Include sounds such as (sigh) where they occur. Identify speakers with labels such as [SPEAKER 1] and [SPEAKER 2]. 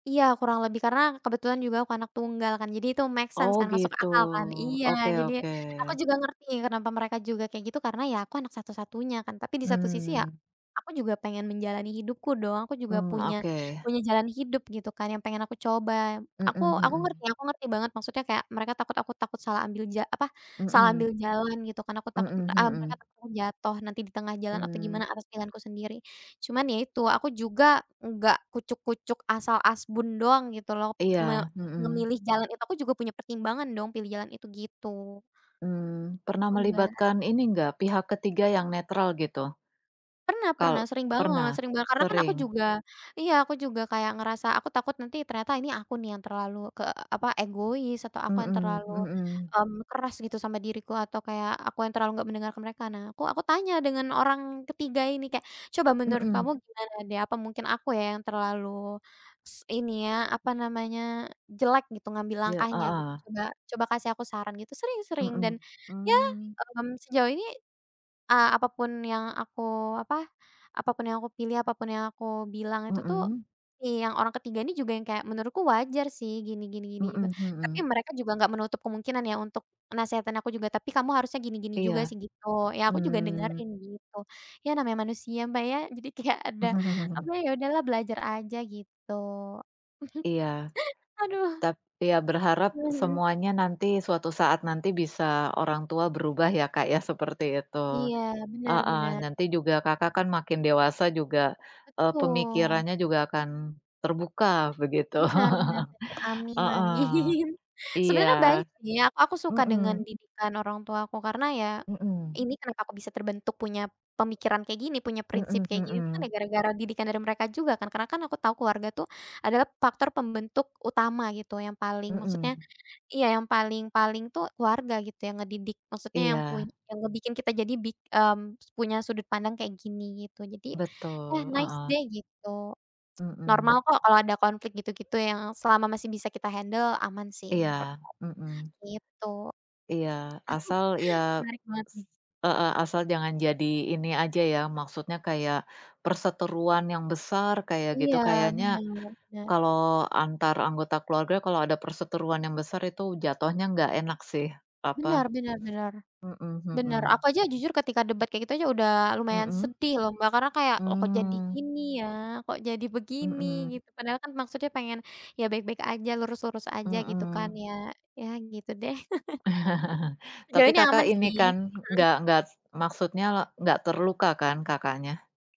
[SPEAKER 1] Iya, kurang lebih, karena kebetulan juga aku anak tunggal kan, jadi itu make sense
[SPEAKER 2] Oh,
[SPEAKER 1] kan, masuk
[SPEAKER 2] gitu,
[SPEAKER 1] akal kan. Iya,
[SPEAKER 2] oke
[SPEAKER 1] jadi
[SPEAKER 2] oke.
[SPEAKER 1] aku juga ngerti kenapa mereka juga kayak gitu, karena, ya, aku anak satu-satunya kan. Tapi di satu sisi, ya,
[SPEAKER 2] Mmm.
[SPEAKER 1] aku juga pengen menjalani hidupku dong, aku juga
[SPEAKER 2] Mmm,
[SPEAKER 1] punya
[SPEAKER 2] oke.
[SPEAKER 1] punya jalan hidup, gitu, kan, yang pengen aku coba.
[SPEAKER 2] Mhm
[SPEAKER 1] Aku aku ngerti
[SPEAKER 2] mhm.
[SPEAKER 1] aku ngerti banget, maksudnya kayak mereka takut aku takut salah ambil ja apa, salah ambil
[SPEAKER 2] Mhm.
[SPEAKER 1] jalan, gitu kan, aku takut
[SPEAKER 2] Mhm
[SPEAKER 1] eee, mereka
[SPEAKER 2] mhm.
[SPEAKER 1] takut aku jatuh nanti di tengah jalan atau
[SPEAKER 2] Mmm.
[SPEAKER 1] gimana atas pilihanku sendiri. Cuman, ya, itu, aku juga nggak kucuk-kucuk asal asbun doang, gitu loh, me
[SPEAKER 2] Iya, mhm.
[SPEAKER 1] memilih jalan itu, aku juga punya pertimbangan dong pilih jalan itu, gitu.
[SPEAKER 2] Mmm, pernah
[SPEAKER 1] Gitu, Mbak.
[SPEAKER 2] melibatkan ini nggak, pihak ketiga yang netral, gitu?
[SPEAKER 1] Pernah
[SPEAKER 2] Kal
[SPEAKER 1] pernah, sering banget
[SPEAKER 2] pernah.
[SPEAKER 1] sering banget, karena kan aku
[SPEAKER 2] Sering.
[SPEAKER 1] juga iya, aku juga kayak ngerasa aku takut nanti ternyata ini aku, nih, yang terlalu ke apa, egois, atau aku yang
[SPEAKER 2] Mhm
[SPEAKER 1] terlalu,
[SPEAKER 2] mhm.
[SPEAKER 1] mmm, keras gitu sama diriku atau kayak aku yang terlalu nggak mendengarkan mereka. Nah, aku aku tanya dengan orang ketiga ini, kayak, "Coba menurut kamu
[SPEAKER 2] Mhm.
[SPEAKER 1] gimana, deh? Apa mungkin aku, ya, yang terlalu s ini, ya, apa namanya, jelek, gitu, ngambil
[SPEAKER 2] Ja
[SPEAKER 1] langkahnya, gitu,
[SPEAKER 2] heeh.
[SPEAKER 1] coba coba kasih aku saran," gitu. Sering sering dan,
[SPEAKER 2] Mhm,
[SPEAKER 1] ya,
[SPEAKER 2] mmm.
[SPEAKER 1] mmm, sejauh ini, eee, apa pun yang aku apa, apa pun yang aku pilih, apa pun yang aku bilang itu, tuh,
[SPEAKER 2] Mhm.
[SPEAKER 1] si yang orang ketiga ini juga yang kayak, "Menurutku wajar, sih, gini gini gini juga."
[SPEAKER 2] Mhm
[SPEAKER 1] Tapi
[SPEAKER 2] mhm.
[SPEAKER 1] mereka juga nggak menutup kemungkinan ya untuk nasehatin aku juga, "Tapi kamu harusnya gini gini juga,
[SPEAKER 2] Iya,
[SPEAKER 1] sih." Gitu. Ya, aku juga
[SPEAKER 2] mmm.
[SPEAKER 1] dengerin, gitu. Ya, namanya manusia, Mbak, ya jadi kayak ada apa,
[SPEAKER 2] (chuckles)
[SPEAKER 1] ya, udahlah belajar aja, gitu. (chuckles)
[SPEAKER 2] Iya.
[SPEAKER 1] Aduh.
[SPEAKER 2] Tap ya, berharap
[SPEAKER 1] Mhm mhm.
[SPEAKER 2] semuanya nanti, suatu saat nanti bisa orang tua berubah, ya, Kak, ya, seperti itu.
[SPEAKER 1] Iya, benar
[SPEAKER 2] Heeh,
[SPEAKER 1] benar.
[SPEAKER 2] nanti juga Kakak kan makin dewasa juga, eee,
[SPEAKER 1] Betul.
[SPEAKER 2] pemikirannya juga akan terbuka, begitu.
[SPEAKER 1] Benar benar benar.
[SPEAKER 2] (chuckles)
[SPEAKER 1] Amin
[SPEAKER 2] Heeh,
[SPEAKER 1] amin.
[SPEAKER 2] iya,
[SPEAKER 1] Sebenarnya baik, sih, ak aku suka dengan
[SPEAKER 2] mhm.
[SPEAKER 1] didikan orang tua aku, karena, ya,
[SPEAKER 2] Mhm.
[SPEAKER 1] ini kenapa aku bisa terbentuk punya pemikiran kayak gini, punya prinsip
[SPEAKER 2] Mhm
[SPEAKER 1] kayak gini, tuh, kan ya
[SPEAKER 2] mhm.
[SPEAKER 1] gara-gara didikan dari mereka juga kan, karena kan aku tau keluarga, tuh, adalah faktor pembentuk utama, gitu, yang paling maksudnya
[SPEAKER 2] Mhm.
[SPEAKER 1] iya, yang paling-paling, tuh, keluarga, gitu, yang ngedidik, maksudnya yang pun
[SPEAKER 2] Iya.
[SPEAKER 1] yang ngebikin kita jadi bik mmm, s punya sudut pandang kayak gini, gitu. Jadi, ya,
[SPEAKER 2] Betul,
[SPEAKER 1] nice,
[SPEAKER 2] heeh.
[SPEAKER 1] deh, gitu. (smacks lips) Normal
[SPEAKER 2] Mhm.
[SPEAKER 1] kok kalau ada konflik gitu-gitu, yang selama masih bisa kita handle aman, sih, menurut
[SPEAKER 2] Iya,
[SPEAKER 1] aku,
[SPEAKER 2] mhm.
[SPEAKER 1] gitu.
[SPEAKER 2] Iya. Asal, ya,
[SPEAKER 1] (chuckles) Menarik banget,
[SPEAKER 2] s
[SPEAKER 1] nih.
[SPEAKER 2] heeh, asal jangan jadi ini aja, ya, maksudnya kayak perseteruan yang besar kayak gitu.
[SPEAKER 1] Iya,
[SPEAKER 2] Kayaknya,
[SPEAKER 1] benar benar.
[SPEAKER 2] kalau antar anggota keluarga kalau ada perseteruan yang besar itu jatuhnya nggak enak, sih, apa,
[SPEAKER 1] Benar benar benar,
[SPEAKER 2] mhm
[SPEAKER 1] benar. Aku
[SPEAKER 2] mhm.
[SPEAKER 1] aja jujur ketika debat kayak gitu aja udah lumayan
[SPEAKER 2] Mhm.
[SPEAKER 1] sedih, loh, Mbak, karena kayak, loh, kok jadi
[SPEAKER 2] Mmm.
[SPEAKER 1] gini, ya, kok jadi begini,
[SPEAKER 2] Mhm.
[SPEAKER 1] gitu, padahal kan maksudnya pengen, ya, baik-baik aja, lurus-lurus aja, gitu kan,
[SPEAKER 2] Mhm.
[SPEAKER 1] ya. Ya, gitu deh.
[SPEAKER 2] (chuckles)
[SPEAKER 1] (chuckles) Sejauh
[SPEAKER 2] Tapi
[SPEAKER 1] ini
[SPEAKER 2] Kakak
[SPEAKER 1] aman
[SPEAKER 2] ini
[SPEAKER 1] sih,
[SPEAKER 2] kan,
[SPEAKER 1] mhm.
[SPEAKER 2] nggak nggak maksudnya nggak terluka kan Kakaknya?